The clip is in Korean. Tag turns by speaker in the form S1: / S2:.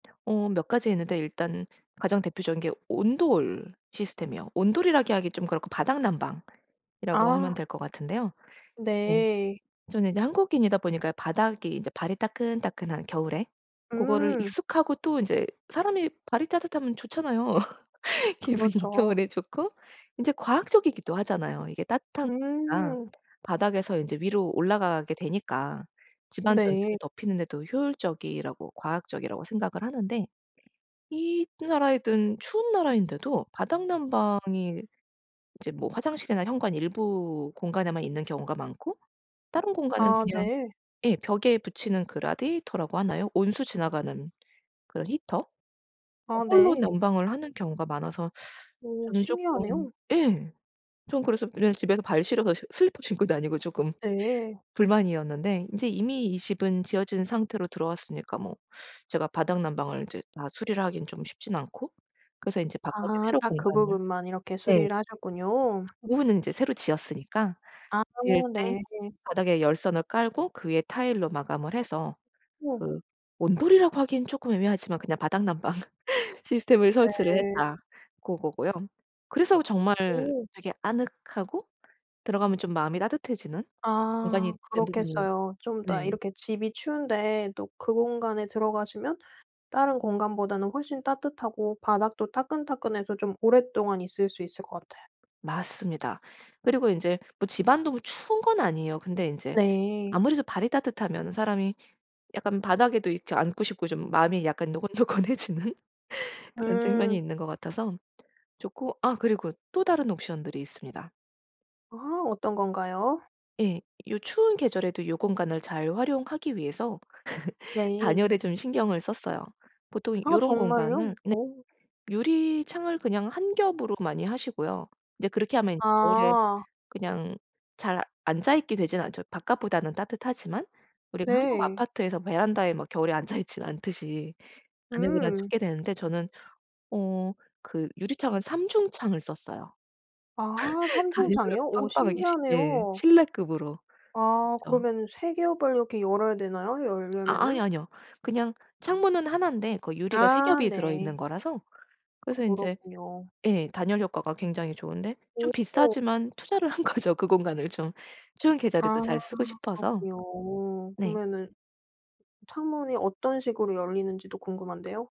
S1: 어 몇 가지 있는데 일단 가장 대표적인 게 온돌 시스템이요. 온돌이라기 하기 좀 그렇고 바닥난방이라고 하면
S2: 아.
S1: 될 것 같은데요. 예.
S2: 네.
S1: 저는 이제 한국인이다 보니까 바닥이 이제 발이 따끈따끈한 겨울에 고거를
S2: 음.
S1: 익숙하고 또 인제 사람이 발이 따뜻하면 좋잖아요 기분이.
S2: 그렇죠.
S1: 겨울에 좋고 이제 과학적이기도 하잖아요. 이게 따뜻한 공기가
S2: 음.
S1: 바닥에서 이제 위로 올라가게 되니까 집안
S2: 네.
S1: 전체를 덮히는 데도 효율적이라고 과학적이라고 생각을 하는데 이 나라이든 추운 나라인데도 바닥난방이 이제 뭐 화장실이나 현관 일부 공간에만 있는 경우가 많고 다른 공간은
S2: 아
S1: 그냥
S2: 네.
S1: 예 벽에 붙이는 그 라디에이터라고 하나요? 온수 지나가는 그런 히터?
S2: 아
S1: 고걸로
S2: 네.
S1: 난방을 하는 경우가 많아서
S2: 어
S1: 저는 쪼끔
S2: 신기하네요.
S1: 예 좀 그래서 [unintelligible] 집에서 발 시려서 슬리퍼 신고 다니고 쪼끔
S2: 네.
S1: 불만이었는데. 인제 이미 이 집은 지어진 상태로 들어왔으니까 뭐 제가 바닥난방을 이제 다 수리를 하기는 좀 쉽진 않고 그래서 이제 바깥에
S2: 아
S1: 새로
S2: 딱 그
S1: 공간을
S2: 부분만 이렇게
S1: 네.
S2: 수리를 하셨군요.
S1: 오후는 인제 새로 지었으니까
S2: 아
S1: 이럴 때
S2: 네.
S1: 바닥에 열선을 깔고 그 위에 타일로 마감을 해서
S2: 네.
S1: 그 온돌이라고 하기엔 쪼끔 애매하지만 그냥 바닥난방 시스템을 설치를
S2: 네.
S1: 했다. 고거고요. 그래서 정말
S2: 네.
S1: 되게 아늑하고 들어가면 좀 마음이 따뜻해지는
S2: 아
S1: 공간이 된 부분이
S2: 그렇겠어요. 좀 이따
S1: 네.
S2: 이렇게 집이 추운데 또 그 공간에 들어가시면 다른 공간보다는 훨씬 따뜻하고 바닥도 따끈따끈해서 좀 오랫동안 있을 수 있을 것 같아요.
S1: 맞습니다. 그리고 인제 뭐 집안도 추운 건 아니에요. 근데 인제
S2: 네.
S1: 아무래도 발이 따뜻하면은 사람이 약간 바닥에도 이렇게 앉고 싶고 좀 마음이 약간 노곤노곤해지는 그런 측면이
S2: 음.
S1: 있는 것 같아서 좋고 아 그리고 또 다른 옵션들이 있습니다.
S2: 아 어떤 건가요?
S1: 예. 요 추운 계절에도 요 공간을 잘 활용하기 위해서
S2: 네.
S1: 단열에 좀 신경을 썼어요. 보통
S2: 아
S1: 요런 공간을
S2: 정말요?
S1: 네
S2: 어.
S1: 유리창을 그냥 1 겹으로 많이 하시고요. 근데 그렇게 하면 겨울에
S2: 아.
S1: 그냥 잘 앉아 있게 되진 않죠. 바깥보다는 따뜻하지만 우리가 한국
S2: 네.
S1: 아파트에서 베란다에 뭐 겨울에 앉아 있진 않듯이 안에 보단
S2: 음.
S1: 춥게 되는데 저는 어 그 유리창은 삼중창을 썼어요.
S2: 아 3
S1: 다 일부러
S2: 중창이요? 어
S1: 빵빵하게 시 예.
S2: 신기하네요.
S1: 실내급으로
S2: 아
S1: 했죠.
S2: 그러면은 3 겹을 이렇게 열어야 되나요?
S1: 아 아이
S2: 열려면은.
S1: 아니요. 그냥 창문은 1 인데 그 유리가 3
S2: 아
S1: 겹이 들어있는
S2: 네.
S1: 거라서 그래서 인제
S2: 그렇군요.
S1: 예 단열 효과가 굉장히 좋은데 좀
S2: 어어.
S1: 비싸지만 투자를 한 거죠. 그 공간을 좀 좋은
S2: 아
S1: 계절에도 잘 쓰고 싶어서.
S2: 그렇군요.
S1: 네.
S2: 그러면은 창문이 어떤 식으로 열리는지도 궁금한데요.